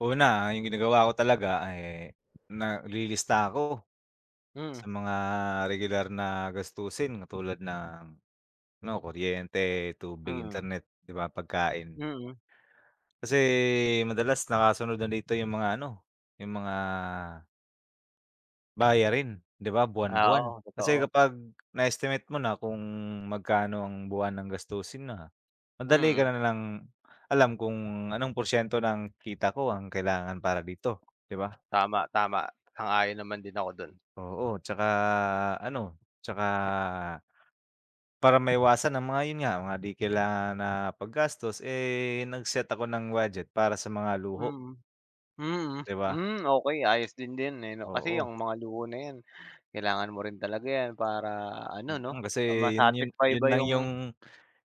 Una, ah, 'yong ginagawa ko talaga, eh, na lilista ako Mm. sa mga regular na gastusin katulad ng, ano, kuryente, tubig, Mm. internet, 'di ba, pagkain. Mm. Kasi madalas nakasunod na dito 'yong mga ano, 'yong mga bayarin, 'di ba? Ah, Buwan-buwan, oo, kasi totoo. kapag na-estimate mo na kung magkano ang buwanang gastusin na, madali ka Mm. na na lang alam kung anong porsiyento ng kita ko ang kailangan para dito, 'di ba? Tama tama, sang-ayon naman din ako dun. Oo, 'tsaka ano 'tsaka para maiwasan ang mga- 'yon nga- mga di kailangan na paggastos, eh, nag-set ako ng budget para sa mga luho. Mm. Mm, 'Di ba? mm, okey ayos din din, eh, 'no? Kasi Oo. yung mga luho na 'yan kailangan mo rin talaga 'yan para ano 'no, Mm, kasi ah, 'yun 'yon. ma-satisfy 'Yon mo lang yung 'yung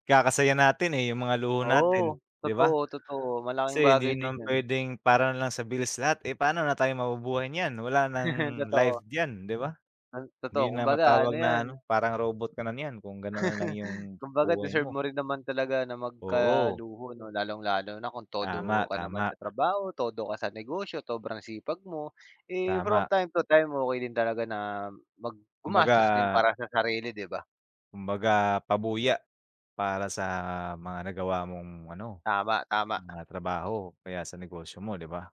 ikakasaya natin, eh, 'yong mga luho natin, Oo, 'di ba? totoo, totoo. Malaking Kasi hindi bagay din naman yun. pwedeng para na lang sa bills lahat. Eh, pa'no na tayo mabubuhay niyan wala nang life Totoo. diyan, 'di ba? Ah, totoo Hindi na kumbaga ano matawag na 'yan ano parang robot ka na niyan kung ganun na lang 'yong Kumbaga buhay deserve mo. mo rin naman talaga na Oo. magkaluho, 'no? Lalong-lalo na kung todo Tama, ka naman tama. sa trabaho, todo ka sa negosyo, sobrang sipag mo. Eh, from Tama. time to time okey din talaga na mag gumastos din Kumbaga para sa sarili, 'di ba? Kumbaga pabuya para sa mga nagawa mong ano Tama, tama. mga trabaho o kaya sa negosyo mo, 'di ba?